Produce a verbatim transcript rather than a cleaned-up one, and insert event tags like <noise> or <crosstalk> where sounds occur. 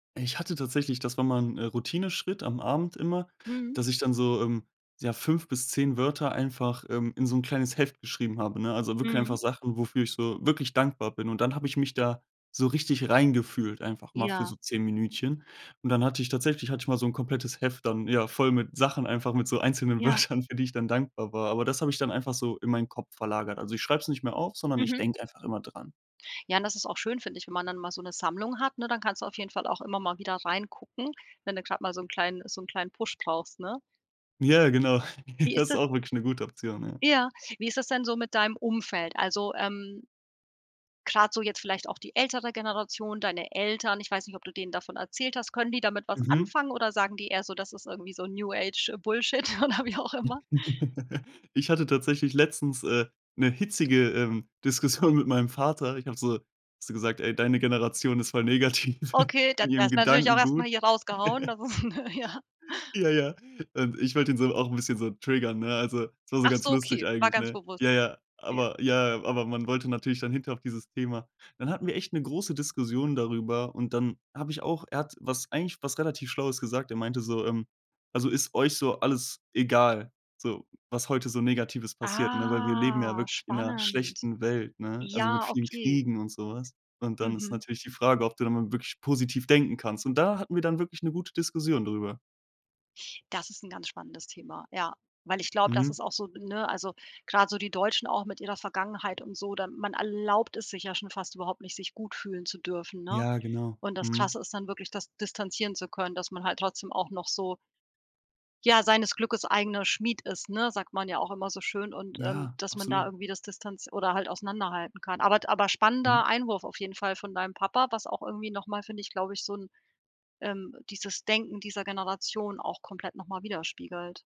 Ich hatte tatsächlich das war mal 'n, äh, Routineschritt am Abend immer, Mhm. dass ich dann so, ähm, ja, fünf bis zehn Wörter einfach, ähm, in so 'n kleines Heft geschrieben habe, ne? Also, wirklich einfach Mhm. Sachen, wofür ich so wirklich dankbar bin. Und dann habe ich mich da so richtig rein gefühlt, einfach mal für Ja. so zehn Minütchen. Und dann hatte ich tatsächlich hatte ich mal so 'n komplettes Heft dann, ja, voll mit Sachen einfach, mit so einzelnen Ja. Wörtern, für die ich dann dankbar war. Aber das habe ich dann einfach so in meinen Kopf verlagert. Also, ich schreibe es nicht mehr auf, sondern ich Mhm. denke einfach immer dran. Ja und das ist auch schön, finde ich, wenn man dann mal so 'ne Sammlung hat, ne? Dann kannst du auf jeden Fall auch immer mal wieder reingucken, wenn du grad mal so 'n kleinen so 'n kleinen Push brauchst, ne? Ja, genau. Wie <chuckles> Das ist da ist auch wirklich 'ne gute Option, ja. ja, wie ist das denn so mit deinem Umfeld? Also, ähm, grad so jetzt vielleicht auch die ältere Generation, deine Eltern, ich weiß nicht, ob du denen davon erzählt hast, können die damit was Mhm. anfangen oder sagen die eher so: „Das ist irgendwie so 'n New Age Bullshit“, oder wie auch immer? <chuckles> Ich hatte tatsächlich letztens, äh, 'ne hitzige, ähm, Diskussion mit meinem Vater. Ich habe so habe so gesagt: „Ey, deine Generation ist voll negativ Okay, da in d ihrem erstmal natürlich auch erst mal Gedankengut.“ hier rausgehauen, das <chuckles> ist ne, ja. Ja, ja und ich wollte ihn so, auch 'n bisschen so triggern, ne? Also, so war's ganz Achso, lustig okay, war eigentlich, ganz ne? bewusst. Ja, ja Ja. aber ja, ja. Aber man wollte natürlich dann hinterher auf dieses Thema dann hatten wir echt 'ne große Diskussion darüber und dann habe ich auch er hat was eigentlich was relativ Schlaues gesagt. Er meinte so: „Ähm, also, ist euch so alles egal, so, was heute so Negatives passiert, ne?“ Weil wir leben ja Ah, wirklich in' ner Spannend. schlechten Welt, ne? Also, mit Ja, vielen okay. Kriegen und so was. Und dann ist Mhm. natürlich die Frage, ob du da mal wirklich positiv denken kannst. Und da hatten wir dann wirklich 'ne gute Diskussion drüber. Das ist 'n ganz spannendes Thema. Ja, weil ich glaube, das Mhm. ist auch so ne, also grade so die Deutschen auch mit ihrer Vergangenheit und so, dann man erlaubt es sich ja schon fast überhaupt nicht, sich gut fühlen zu dürfen, ne? Ja, genau. Und das Mhm. Krasse ist dann wirklich das distanzieren zu können, dass man halt trotzdem auch noch so ja, „seines Glückes eigener Schmied ist“, ne? Sagt man ja auch immer so schön und, ähm, Ja, dass man da absolut. irgendwie das Distanz oder halt auseinanderhalten kann. Aber d aber Mhm. spannender Einwurf auf jeden Fall von deinem Papa, was auch irgendwie noch mal, finde ich, glaube ich, so 'n ähm, dieses Denken dieser Generation auch komplett noch mal widerspiegelt.